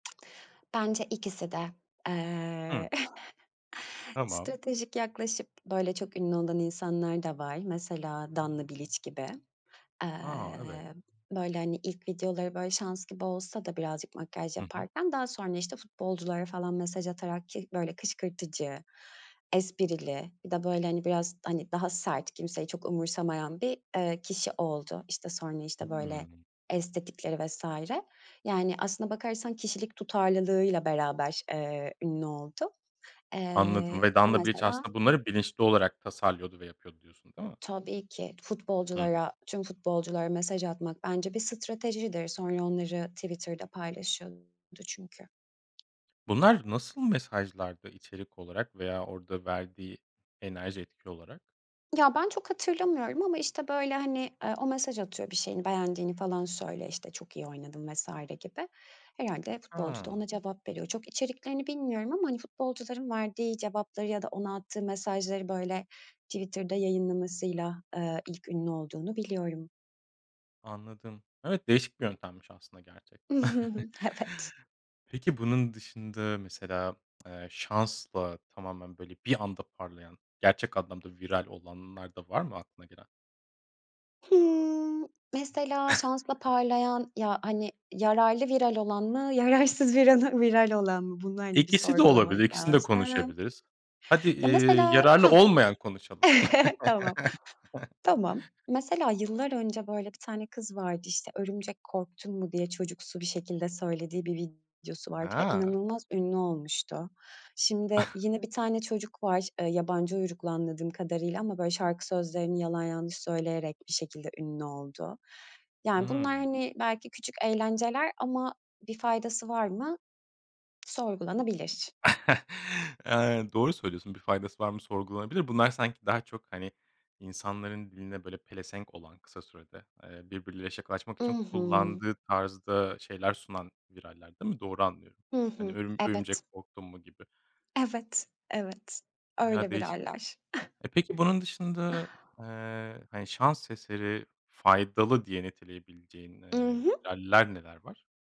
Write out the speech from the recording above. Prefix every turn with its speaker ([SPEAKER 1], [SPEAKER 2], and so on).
[SPEAKER 1] Bence ikisi de. Eee,
[SPEAKER 2] Hı. Tamam.
[SPEAKER 1] stratejik yaklaşıp böyle çok ünlü olan insanlar da var. Mesela Danla Biliç gibi.
[SPEAKER 2] A! Evet.
[SPEAKER 1] Eee, böyle, hani, ilk videoları böyle şans gibi olsa da birazcık makyaj
[SPEAKER 2] Hı hı.
[SPEAKER 1] yaparken, daha sonra, işte, futbolculara falan mesaj atarak ki böyle kışkırtıcı, esprili, bir de böyle, hani, biraz, hani, daha sert, kimseyi çok umursamayan bir, eee, kişi oldu. İşte, sonra, işte, böyle,
[SPEAKER 2] Hımm.
[SPEAKER 1] estetikleri vs. Yani aslına bakarsan kişilik tutarlılığıyla beraber, eee, ünlü oldu.
[SPEAKER 2] Anladım
[SPEAKER 1] Eee,
[SPEAKER 2] ve
[SPEAKER 1] bu
[SPEAKER 2] Danla Biliç
[SPEAKER 1] mesela
[SPEAKER 2] aslında bunları bilinçli olarak tasarlıyordu ve yapıyordu diyorsun, değil mi?
[SPEAKER 1] Tabii ki.
[SPEAKER 2] Hı hı.
[SPEAKER 1] Futbolculara tüm futbolculara mesaj atmak bence bir stratejidir. Sonra onları Twitter'da paylaşıyordu çünkü.
[SPEAKER 2] Bunlar nasıl mesajlardı içerik olarak veya orada verdiği enerji etki olarak?
[SPEAKER 1] Ya, ben çok hatırlamıyorum ama, işte, böyle, hani, eee, o mesaj atıyor, bir şeyini beğendiğini falan söylüyor, işte, çok iyi oynadın vs. gibi. Herhâlde futbolcu da
[SPEAKER 2] Ha.
[SPEAKER 1] ona cevap veriyor. Çok içeriklerini bilmiyorum ama, hani, futbolcuların verdiği cevapları ya da ona attığı mesajları, böyle, Twitter'da yayınlamasıyla, eee, ilk ünlü olduğunu biliyorum.
[SPEAKER 2] Anladım. Evet, değişik bir yöntemmiş aslında gerçekten.
[SPEAKER 1] Evet.
[SPEAKER 2] Peki bunun dışında mesela, eee, şansla tamamen böyle bir anda parlayan gerçek anlamda viral olanlar da var mı aklına gelen?
[SPEAKER 1] Hımm, mesela şansla parlayan ya, hani, yararlı viral olan mı yararsız viranı viral olan mı? Bunu, hani, bir
[SPEAKER 2] İkisi de olabilir,
[SPEAKER 1] sorgulamak
[SPEAKER 2] ikisini de
[SPEAKER 1] lazım.
[SPEAKER 2] konuşabiliriz. Hadi,
[SPEAKER 1] Ya,
[SPEAKER 2] iii,
[SPEAKER 1] mesela Ha.
[SPEAKER 2] yararlı olmayan konuşalım.
[SPEAKER 1] Tamam, tamam. Mesela yıllar önce böyle bir tane kız vardı, işte, "Örümcek, korktun mu?" diye çocuksu bir şekilde söylediği bir videosu vardı ve
[SPEAKER 2] Ha!
[SPEAKER 1] inanılmaz ünlü olmuştu. Şimdi yine bir tane çocuk var, eee, yabancı uyruklu anladığım kadarıyla ama, böyle, şarkı sözlerini yalan, yanlış söyleyerek bir şekilde ünlü oldu. Yani bunlar,
[SPEAKER 2] Hımm.
[SPEAKER 1] hani, belki küçük eğlenceler ama bir faydası var mı? Sorgulanabilir.
[SPEAKER 2] Aynen. Doğru söylüyorsun, bir faydası var mı sorgulanabilir. Bunlar sanki daha çok, hani, insanların diline böyle pelesenk olan kısa sürede, eee, birbiriyle şakalaşmak
[SPEAKER 1] I
[SPEAKER 2] için
[SPEAKER 1] hı.
[SPEAKER 2] kullandığı tarzda şeyler sunan viraller, değil mi? Doğru anlıyorum.
[SPEAKER 1] Hı
[SPEAKER 2] Hani,
[SPEAKER 1] hı.
[SPEAKER 2] "Örüm
[SPEAKER 1] Evet.
[SPEAKER 2] örümcek, korktun mu?" gibi.
[SPEAKER 1] Evet, evet.
[SPEAKER 2] Ya,
[SPEAKER 1] Öyle bir
[SPEAKER 2] değişik
[SPEAKER 1] hâller.
[SPEAKER 2] E, peki bunun dışında, eee, hani, şans eseri faydalı diye niteleyebileceğin,
[SPEAKER 1] I
[SPEAKER 2] eee,
[SPEAKER 1] hı!
[SPEAKER 2] viraller neler var?